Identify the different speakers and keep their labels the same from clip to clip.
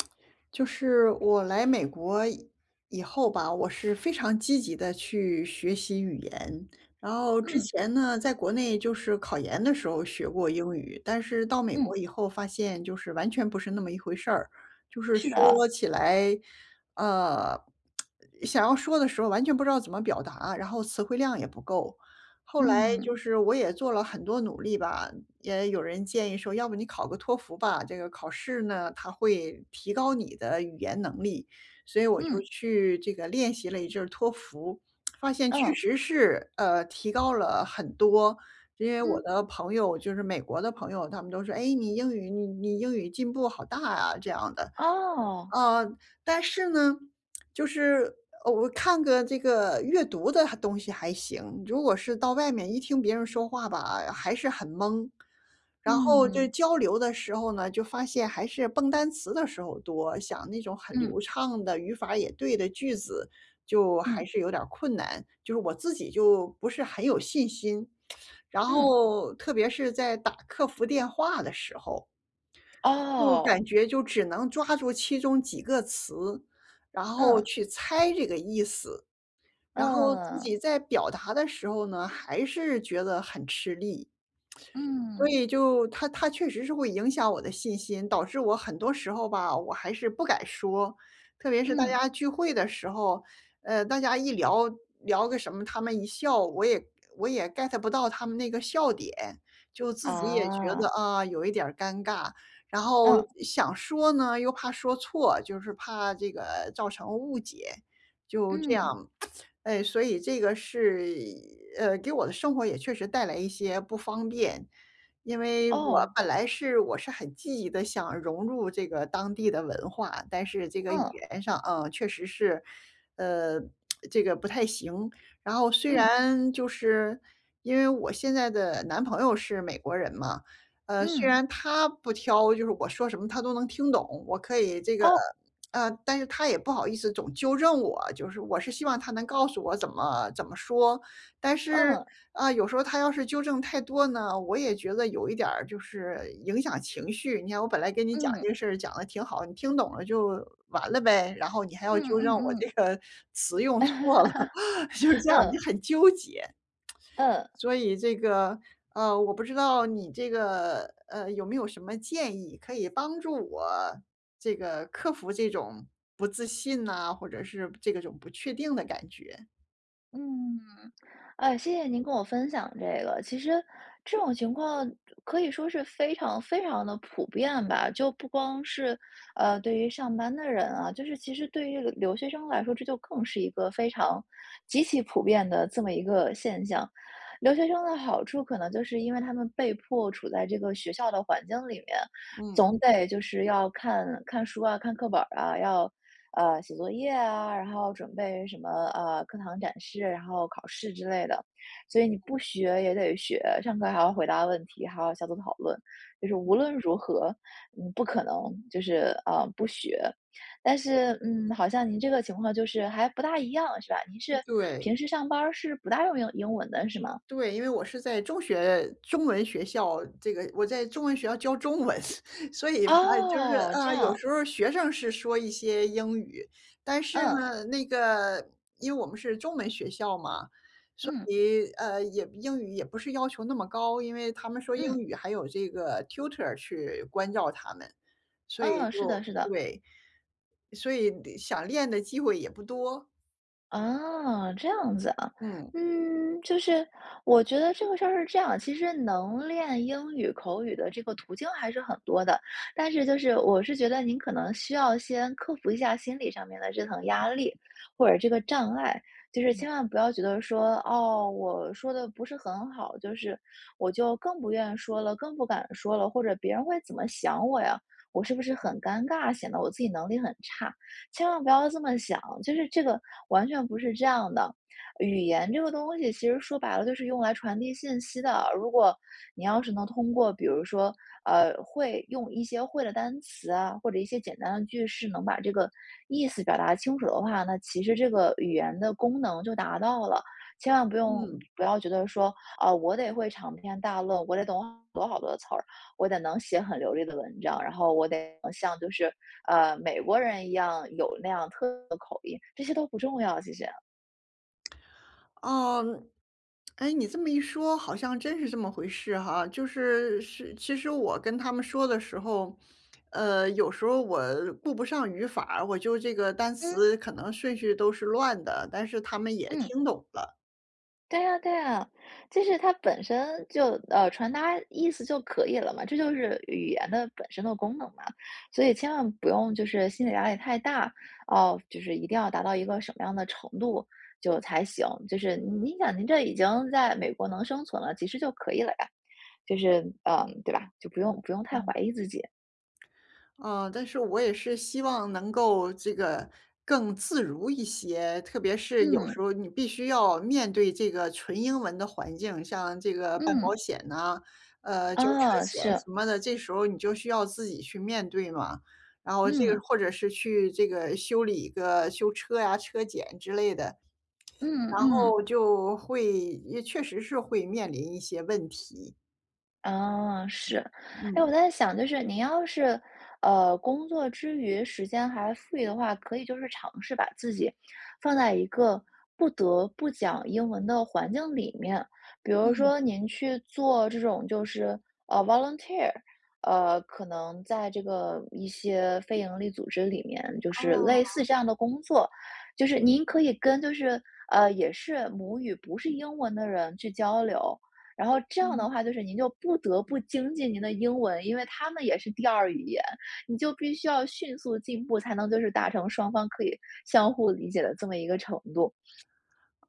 Speaker 1: 就是我来美国以后吧，我是非常积极地去学习语言。然后之
Speaker 2: 嗯。
Speaker 1: 前呢在国内就是考研的时候学过英语，但是到美国
Speaker 2: 嗯。
Speaker 1: 以后发现就是完全不是那么一回事儿，就是
Speaker 2: 是的。
Speaker 1: 说起来，呃，想要说的时候完全不知道怎么表达，然后词汇量也不够。后来
Speaker 2: 嗯。
Speaker 1: 就是我也做了很多努力吧，也有人建议说要不你考个托福吧。这个考试呢，它会提高你的语言能力，所以我就
Speaker 2: 嗯。
Speaker 1: 去这个练习了一阵儿托福，发现确
Speaker 2: 嗯。
Speaker 1: 实是，呃，提高了很多。因为我
Speaker 2: 嗯。
Speaker 1: 的朋友就是美国的朋友，他们都说，哎，你英语你你英语进步好大呀，这样的。
Speaker 2: 哦。
Speaker 1: 呃，但是呢，就是我看个这个阅读的东西还行，如果是到外面一听别人说话吧，还是很懵。然后就
Speaker 2: 嗯。
Speaker 1: 交流的时候呢，就发现还是蹦单词的时候多，讲那种很
Speaker 2: 嗯。
Speaker 1: 流畅的，语法也对的句子就还
Speaker 2: 嗯。
Speaker 1: 是有点困难，就是我自己就不是很有信心。然
Speaker 2: 嗯。
Speaker 1: 后特别是在打客服电话的时候，就感
Speaker 2: 哦。
Speaker 1: 觉就只能抓住其中几个词，然后
Speaker 2: 嗯。
Speaker 1: 去猜这个意思。然后自己
Speaker 2: 嗯。
Speaker 1: 在表达的时候呢，还是觉得很吃力。所
Speaker 2: 嗯。
Speaker 1: 以就它它确实是会影响我的信心，导致我很多时候吧，我还是不敢说。特别是大
Speaker 2: 嗯。
Speaker 1: 家聚会的时候，呃，大家一聊聊个什么，他们一笑我也我也 get 不到他们那个笑点。就自己也觉
Speaker 2: 哦。
Speaker 1: 得啊，有一点儿尴尬，然后
Speaker 2: 嗯。
Speaker 1: 想说呢，又怕说错，就是怕这个造成误解。就这样，
Speaker 2: 嗯。
Speaker 1: 呃，所以这个是，呃，给我的生活也确实带来一些不方便。因为我
Speaker 2: 哦。
Speaker 1: 本来是我是很积极地，想融入这个当地的文化。但是这个语
Speaker 2: 嗯。
Speaker 1: 言上啊，确实是，呃，这个不太行。然后虽
Speaker 2: 嗯。
Speaker 1: 然就是因为我现在的男朋友是美国人嘛，呃，虽
Speaker 2: 嗯。
Speaker 1: 然他不挑，就是我说什么他都能听懂。我可以这个
Speaker 2: 哦。
Speaker 1: 呃，但是他也不好意思总纠正我，就是我是希望他能告诉我怎么怎么说。但是，
Speaker 2: 嗯。
Speaker 1: 啊，有时候他要是纠正太多呢，我也觉得有一点儿就是影响情绪。你看我本来跟你讲
Speaker 2: 嗯。
Speaker 1: 这个事儿讲得挺好，你听懂了就完了呗，然后你还要
Speaker 2: 嗯
Speaker 1: 纠正我
Speaker 2: 嗯
Speaker 1: 这
Speaker 2: 嗯。
Speaker 1: 个词用错了，就是 这样，你
Speaker 2: 嗯。
Speaker 1: 很纠结。
Speaker 2: 嗯。
Speaker 1: 所以这个，呃，我不知道你这个，呃，有没有什么建议可以帮助我这个克服这种不自信呐，或者是这个种不确定的感觉。
Speaker 2: 嗯，呃，谢谢您跟我分享这个。其实，这种情况，可以说是非常非常地普遍吧。就不光是，呃，对于上班的人啊，就是其实对于留学生来说，这就更是一个非常极其普遍的这么一个现象。留学生的好处可能就是因为他们被迫处在这个学校的环境里面。
Speaker 1: 嗯。
Speaker 2: 总得，就是要看看书啊，看课本儿啊。要，呃，写作业啊，然后准备什么，呃，课堂展示，然后考试之类的。所以你，不学也得学。上课还要回答问题，还要小组讨论。就是无论如何，你不可能就是，呃，不学。但是，嗯，好像您这个情况就是还不大一样，是吧？您是
Speaker 1: 对。
Speaker 2: 平时上班儿是不大用英英文的是吗？
Speaker 1: 对，因为我是在中学中文学校这个我在中文学校教中文。所以它就是，
Speaker 2: 哦。这
Speaker 1: 啊，有
Speaker 2: 样。
Speaker 1: 时候学生是说一些英语，但是
Speaker 2: 嗯。
Speaker 1: 呢，那个因为我们是中文学校嘛，所
Speaker 2: 嗯。
Speaker 1: 以，呃，也英语也不是要求那么高，因为他们说英
Speaker 2: 嗯。
Speaker 1: 语还有这个 Tutor 去关照他们。所以
Speaker 2: 嗯，是的
Speaker 1: 就
Speaker 2: 是的。
Speaker 1: 对。所以想练的机会也不多。
Speaker 2: 哦，这样子啊。
Speaker 1: 嗯。
Speaker 2: 嗯，就是，我觉得这个事儿是这样，其实能练英语口语的这个途径还是很多的，但是就是，我是觉得您可能需要先克服一下心理上面的这层压力，或者这个障碍，就
Speaker 1: 嗯
Speaker 2: 是
Speaker 1: 嗯。
Speaker 2: 千万不要觉得说：“哦，我说得不是很好，就是，我就更不愿意说了，更不敢说了，或者别人会怎么想我呀，我是不是
Speaker 1: 嗯。
Speaker 2: 很尴尬，显得我自己能力很差。”千万不要这么想。就是这个，完全不是这样的，语言这个东西其实说白了就是用来传递信息的，如果，你要是能通过比如说，呃，会用一些会的单词啊，或者一些简单的句式，能把这个，意思表达清楚的话，那其实这个语言的功能就达到了。千万不用
Speaker 1: 嗯。
Speaker 2: 不要觉得说：“啊，我得会长篇大论，我得懂好多好多词儿，我得能写很流利的文章，然后我得像就是，呃，美国人一样有那样特别的口音”，这些都不重要，其实。
Speaker 1: 哦，哎，你这么一说，好像真是这么回事哈。就是是其实我跟他们说的时候，呃，有时候我顾不上语法，我就这个单
Speaker 2: 嗯。
Speaker 1: 词可能顺序都是乱的，但是他们也
Speaker 2: 嗯。
Speaker 1: 听懂了。
Speaker 2: 对啊对啊，其实它本身就，呃，传达意思就可以了嘛。这就是语言的本身的功能嘛，所以千万不用就是心理压力太大，哦，就是一定要达到一个什么样的程度就才行，就是您想您这已经在美国能生存了，其实就可以了呀，就是，呃，对吧，就不用不用太
Speaker 1: 嗯。
Speaker 2: 怀疑自己。
Speaker 1: 呃，但是我也是希望能够这个更自如一些，特别是有
Speaker 2: 嗯。
Speaker 1: 时候你必须要面对这个纯英文的环境，像这个办保
Speaker 2: 嗯。
Speaker 1: 险呢，呃，交车
Speaker 2: 啊，
Speaker 1: 险
Speaker 2: 是。
Speaker 1: 什么的，这时候你就需要自己去面对嘛，然后这个
Speaker 2: 嗯。
Speaker 1: 或者是去这个修理个修车呀，车检之类的，
Speaker 2: 嗯
Speaker 1: 然
Speaker 2: 嗯。
Speaker 1: 后就会也确实是会面临一些问题。
Speaker 2: 啊，是，哎，我
Speaker 1: 嗯。
Speaker 2: 在想，就是你要是，呃，工作之余，时间还富裕的话，可以就是尝试把自己，放在一个不得不讲英文的环境里面。比如
Speaker 1: 嗯。
Speaker 2: 说您去做这种就是，啊，volunteer，呃，可能在这个一些非盈利组织里面就是类似
Speaker 1: 哦。
Speaker 2: 这样的工作。就是您可以跟就是呃，也是母语不是英文的人去交流，然后这样的
Speaker 1: 嗯。
Speaker 2: 话就是您就不得不精进您的英文。因为他们也是第2语言，你就必须要迅速进步，才能就是达成双方可以，相互理解的这么一个程度。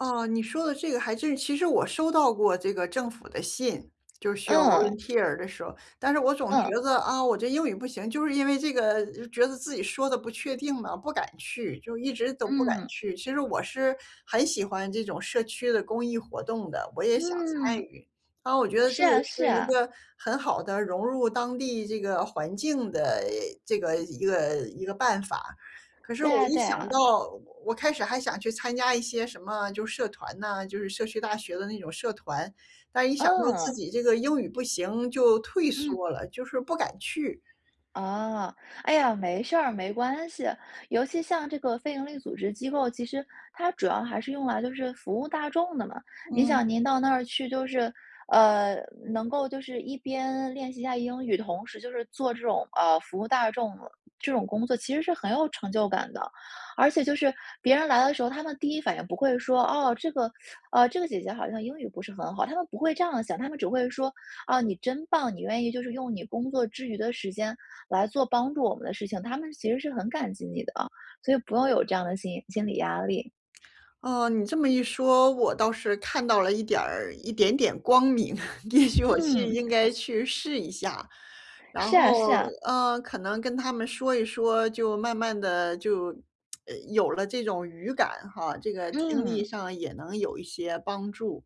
Speaker 1: 哦，你说的这个还真是，其实我收到过这个政府的信。就需要
Speaker 2: 嗯。
Speaker 1: volunteer 的时候，但是我总觉
Speaker 2: 嗯。
Speaker 1: 得，啊，我这英语不行，就是因为这个觉得自己说得不确定了，不敢去，就一直都不敢
Speaker 2: 嗯。
Speaker 1: 去。其实我是，很喜欢这种社区的公益活动的，我也想参
Speaker 2: 嗯。
Speaker 1: 与。啊，我觉得这
Speaker 2: 是
Speaker 1: 个
Speaker 2: 啊是
Speaker 1: 是一
Speaker 2: 啊。
Speaker 1: 个很好的，融入当地这个环境的，这个一个一个办法。可是
Speaker 2: 对
Speaker 1: 我
Speaker 2: 啊
Speaker 1: 一
Speaker 2: 对
Speaker 1: 想
Speaker 2: 啊。
Speaker 1: 到我开始还想去参加一些什么就是社团呐，就是社区大学的那种社团。但一想到自
Speaker 2: 嗯。
Speaker 1: 己这个英语不行，就退
Speaker 2: 嗯。
Speaker 1: 缩了，就是不敢去。
Speaker 2: 啊，哎呀，没事儿，没关系，尤其像这个非营利组织机构，其实，它主要还是用来就是服务大众的嘛。您
Speaker 1: 嗯。
Speaker 2: 想您到那儿去就是，呃，能够就是一边练习一下英语，同时就是做这种，呃，服务大众，这种工作其实是很有成就感的。而且就是别人来的时候，他们第一反应不会说，哦，这个，啊，这个姐姐好像英语不是很好，他们不会这样想，他们只会说，哦，你真棒，你愿意就是用你工作之余的时间，来做帮助我们的事情。他们其实是很感激你的啊，所以不用有这样的心心理压力。
Speaker 1: 哦，你这么一说，我倒是看到了一点儿一点点光明，也许我去
Speaker 2: 嗯。
Speaker 1: 应该去试一下，然
Speaker 2: 是啊
Speaker 1: 后，
Speaker 2: 是啊。
Speaker 1: 呃，可能跟他们说一说，就慢慢地就呃，有了这种语感哈，这个听力
Speaker 2: 嗯。
Speaker 1: 上也能有一些帮助。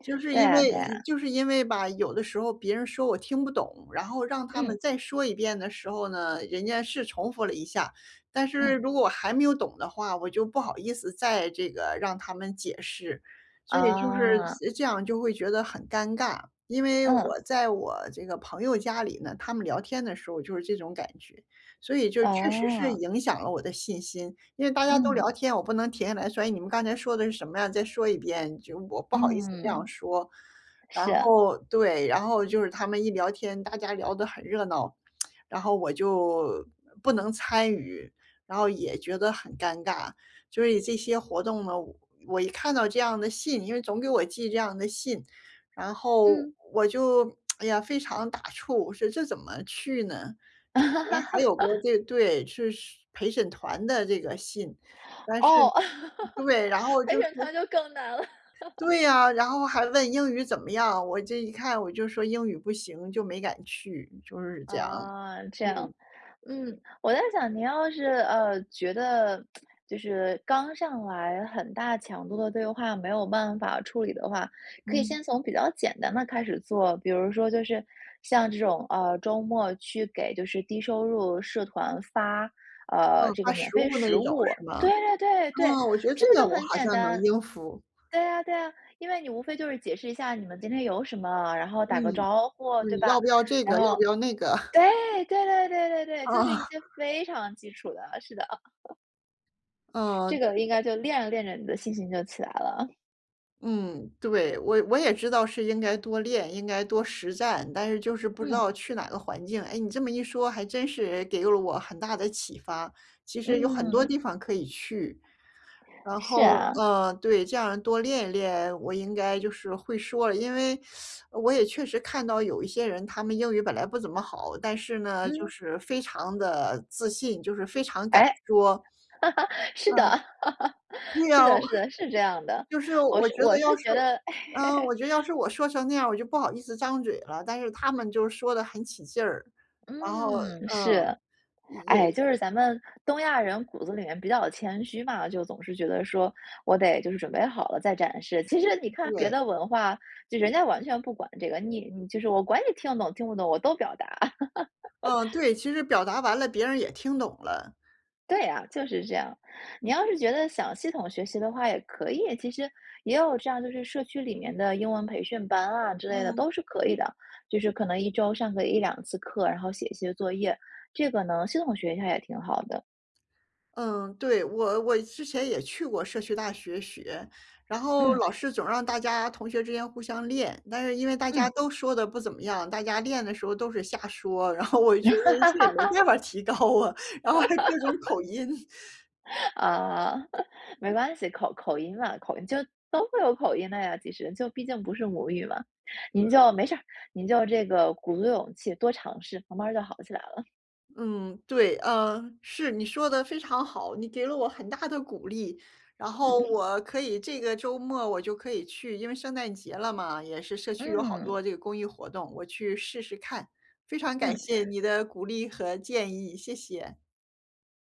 Speaker 1: 就是
Speaker 2: 对
Speaker 1: 因
Speaker 2: 啊
Speaker 1: 为
Speaker 2: 对啊。
Speaker 1: 就是因为吧，有的时候别人说我听不懂，然后让他们
Speaker 2: 嗯。
Speaker 1: 再说一遍的时候呢，人家是重复了一下，但是
Speaker 2: 嗯。
Speaker 1: 如果我还没有懂的话，我就不好意思再这个让他们解释。所以就
Speaker 2: 哦。
Speaker 1: 是这样就会觉得很尴尬，因为
Speaker 2: 嗯。
Speaker 1: 我在我这个朋友家里呢，他们聊天的时候就是这种感觉，所以就确实是
Speaker 2: 哦。
Speaker 1: 影响了我的信心。因为大家都
Speaker 2: 嗯。
Speaker 1: 聊天，我不能停下来说，哎，你们刚才说的是什么呀？再说一遍，就我不好意思这
Speaker 2: 嗯。
Speaker 1: 样说。然
Speaker 2: 是啊。
Speaker 1: 后对，然后就是他们一聊天，大家聊得很热闹，然后我就，不能参与，然后也觉得很尴尬。所以这些活动呢，我一看到这样的信，因为总给我寄这样的信，然后
Speaker 2: 嗯。
Speaker 1: 我就，哎呀，非常打怵，我说这怎么去呢？之前还有过，这对，是陪审团的这个信，但是
Speaker 2: 哦，
Speaker 1: 对，然后就
Speaker 2: 陪
Speaker 1: 是
Speaker 2: 审团就更难了。
Speaker 1: 对呀，然后还问英语怎么样？我这一看我就说英语不行就没敢去，就是这样。
Speaker 2: 啊，这样，
Speaker 1: 嗯。
Speaker 2: 嗯。我在想您要是，呃，觉得，就是刚上来很大强度的对话，没有办法处理的话，可以
Speaker 1: 嗯。
Speaker 2: 先从比较简单的开始做。比如说就是，像这种，呃，周末去给就是低收入社团发，
Speaker 1: 嗯，
Speaker 2: 呃，这
Speaker 1: 它
Speaker 2: 个免
Speaker 1: 食
Speaker 2: 费
Speaker 1: 物呢
Speaker 2: 食
Speaker 1: 有
Speaker 2: 物。
Speaker 1: 什么？
Speaker 2: 对对对，
Speaker 1: 啊，我觉得
Speaker 2: 这
Speaker 1: 这
Speaker 2: 个
Speaker 1: 个
Speaker 2: 就
Speaker 1: 我
Speaker 2: 很
Speaker 1: 好
Speaker 2: 简
Speaker 1: 像能
Speaker 2: 单。
Speaker 1: 应付。
Speaker 2: 对啊对啊，因为你无非就是解释一下你们今天有什么，然后
Speaker 1: 嗯，
Speaker 2: 打个招呼，
Speaker 1: 就
Speaker 2: 对
Speaker 1: 你
Speaker 2: 吧？
Speaker 1: 要不要这个？
Speaker 2: 然
Speaker 1: 要
Speaker 2: 后
Speaker 1: 不要那个？
Speaker 2: 对，对对对对 对，就是一
Speaker 1: 哦。
Speaker 2: 些非常基础的，是的。这
Speaker 1: 嗯
Speaker 2: 个应该就，练着练着你的信心就起来了。
Speaker 1: 嗯，对。我我也知道是应该多练，应该多实战，但是就是不知
Speaker 2: 嗯。
Speaker 1: 道去哪个环境。哎，你这么一说，还真是给了我很大的启发，其实有很多
Speaker 2: 嗯。
Speaker 1: 地方可以去，然后
Speaker 2: 是啊。
Speaker 1: 呃，对这样多练练，我应该就是会说了，因为 我也确实看到有一些人，他们英语本来不怎么好，但是呢，就
Speaker 2: 嗯。
Speaker 1: 是非常的自信，就是非常敢
Speaker 2: 哎！
Speaker 1: 说。嗯。
Speaker 2: 是的，
Speaker 1: 对
Speaker 2: 是
Speaker 1: 啊，
Speaker 2: 的是的，是这样的。
Speaker 1: 就是
Speaker 2: 我
Speaker 1: 我
Speaker 2: 是
Speaker 1: 觉得
Speaker 2: 我
Speaker 1: 要
Speaker 2: 是
Speaker 1: 是
Speaker 2: 觉得
Speaker 1: 嗯，我觉得要是我说成那样，我就不好意思张嘴了，但是他们就说的很起劲，然后
Speaker 2: 嗯，
Speaker 1: 嗯。
Speaker 2: 是。哎，就是咱们东亚人骨子里面比较谦虚嘛，就总是觉得说，我得就是准备好了再展示。其实你看别
Speaker 1: 对。
Speaker 2: 的文化，就人家完全不管这个，你你就是我管你听得懂听不懂，我都表达。
Speaker 1: 嗯，对，其实表达完了别人也听懂了。
Speaker 2: 对啊，就是这样。你要
Speaker 1: 嗯。
Speaker 2: 是觉得想系统学习的话也可以，其实也有这样就是社区里面的英文培训班啊，之类的
Speaker 1: 嗯。
Speaker 2: 都是可以的。就是可能1周上个1-2次课，然后写一些作业。这个呢，系统学一下也挺好的。
Speaker 1: 嗯，对，我我之前也去过社区大学学，然后
Speaker 2: 嗯。
Speaker 1: 老师总让大家同学之间互相练，但是因为大家
Speaker 2: 嗯。
Speaker 1: 都说的不怎么样，大家练的时候都是瞎说，然后我觉得这也没 办法提高啊，然后还有各种口 音。
Speaker 2: 啊，没关系，口口音嘛，口音就都会有口音的呀其实，就毕竟不是母语嘛。您
Speaker 1: 嗯。
Speaker 2: 就没事您就这个鼓足勇气多尝试，慢慢儿就好起来了。
Speaker 1: 嗯，对。呃，是，你说得非常好，你给了我很大的鼓励，然
Speaker 2: 嗯。
Speaker 1: 后 我可以这个周末我就可以去因为圣诞节了嘛，也是社区有好
Speaker 2: 嗯。
Speaker 1: 多这个公益活动，我去试试看。非常感
Speaker 2: 嗯。
Speaker 1: 谢你的鼓励和建议，谢谢。